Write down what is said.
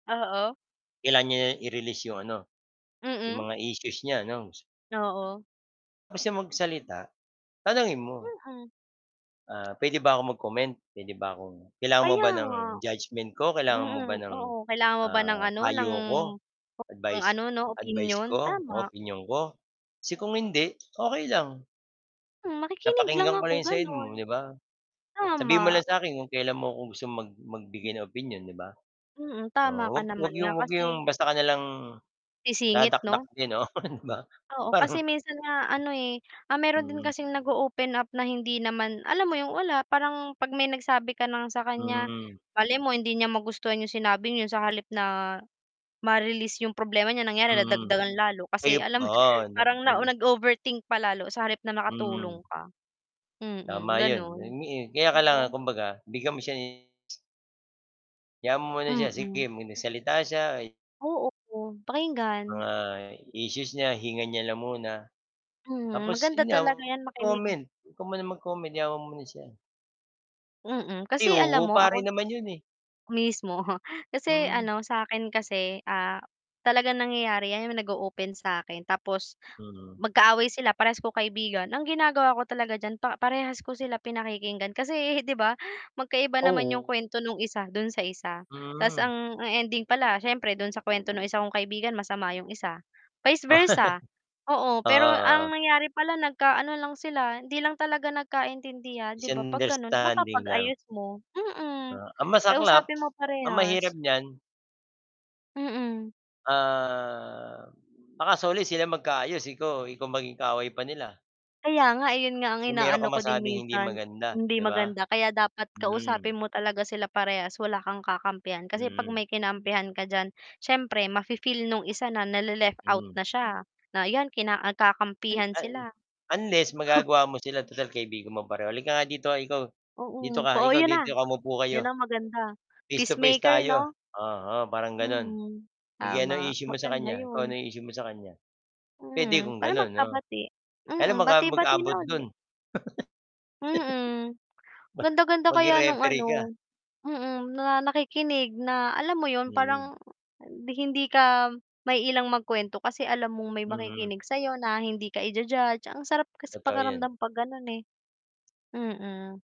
Oo. Kailangan niya na i-release 'yong ano, 'yong Mm. mga issues niya anong s Oo. [unintelligible] siya magsalita, tanungin mo. Mm. Ah, puwede ba akong mag-comment, puwede ba akong kailangan mo Kaya ba ng nga. judgment ko? Kailangan mo ba Mm, ng, oo, kailangan mo ba ng, ah, ano, ng payo ko, ng advice ano, 'no, advice opinyon? ko o Tama. opinyon ko? Kasi kung hindi, okey lang. Hmm, makikinig lang Napakinggan ko ako na 'yong side gano'n. mo, 'di ba? Sabihin mo Tama. lang sa'kin kung kailan mo ‘ko gusto mag Hmm. magbigay ng opinyon, 'di ba? Mm, tama Oo, ka huwag huwag naman nga 'yong huwag 'yong kasi basta ka na lang, Sisingit, dadakdak 'no? din ‘no, oh, 'di ba. Oo, Parang kasi minsan nga, ano, eh, ah, mayro'n din Mm. kasing nag-o-open up na hindi naman alam mo 'yong, wala, parang 'pag may nagsabi ka ng sa kaniya, Hmm. malay mo hindi niya magustuhan 'yong sinabing 'yon sa halip na ma-release 'yong problema niya, nangyari Mm. nadagdagan lalo Ay, kasi, op alam mo 'yon, oo, nai parang nao naig nag-overthink pa lalo sa halip na nakatulong Mm. ka. Mm, Tama 'yon, gano'n. yon nga, eh. Kaya 'Di ba? kailangan kumbaga bigyan mo siya [unintelligible] Hayaan mo muna siya, Mm. sige, ‘pag nagsalita siya ay Oh, oo, pakinggan. Mga issues niya, hinga niya lang muna. Mhm, Tapos maganda 'yon nga, talaga 'yan, makinig. comment, huwag ka muna mag-comment hayaan mo muna siya. Mm, Ay kasi alam oo, mo pare ako naman 'yon, eh. Mismo. Kasi, Mm. ano, sa'kin kasi, ah, talagang nangyayari 'yan, 'yong nag-o-open sa'kin tapos, Mm. magkaaway sila parehas ko kaibigan. Ang ginagawa ko talaga diyan pa parehas ko sila pinakikinggan kasi, 'di ba, magkaiba naman 'yong Oo. kuwento no'ng isa, do'n sa isa. Ta’s Mm. ang ang ending pala siyempre do'n sa kuwento ng isa kong kaibigan masama 'yong isa. Vice versa, oo. Oo, Pero ang oo. nangyari pala nagka-ano lang sila, hindi lang talaga nagkaintindihan, 'di ba, 'pag gano'n Misunderstanding lang. mapapag-ayos mo, mm. Ah, ang masaklap, Kausapin mo ang parehas. mahirap niyan Mm. Ah, baka sa huli sila magkaayos ikaw, ikaw maging kaaway pa nila. Kaya nga, ayun nga ang Kung mayroon inaano kang ko din masabing hindi minsan, maganda, hindi 'di ba? maganda. Kaya dapat kausapin Mm. mo talaga sila parehas wala kang kakampihan. Kasi 'pag Mm. may kinampihan ka diyan, siyempre mafi-feel no'ng isa na nale-left out Hmm. na siya, na ayan, kina Al nagkakampihan un sila. unless magagawa mo sila total kaibigan mo pareho, "Halika nga dito. Ikaw dito Oo, ka, po oh, ikaw 'yon dito na. ka. Umupo kayo. 'Yon ang maganda, Face to face peacemaker, tayo." 'no? Oo, oo, parang gano'n. Mhm. "Sige anong Tama, issue mo sa maganda kaniya? Ikaw ano 'yon. 'yong issue mo sa kaniya?" Puwede Mm, kung para gano'n, 'no? magkabati. Kaya lang Mm, baka bati-bati na mag-abot uli. do'n. Mm, ganda ganda Ba maging kaya no'ng, referee ka. ano mm, na nakikinig na, alam mo 'yon, Mm. parang di hindi ka maiilang magkuwento kasi alam mong may Mm. makikinig sa 'yo na hindi ka ija-judge, ang sarap kasi Totoo 'yan. pakiramdam 'pag gano'n, eh. Mm.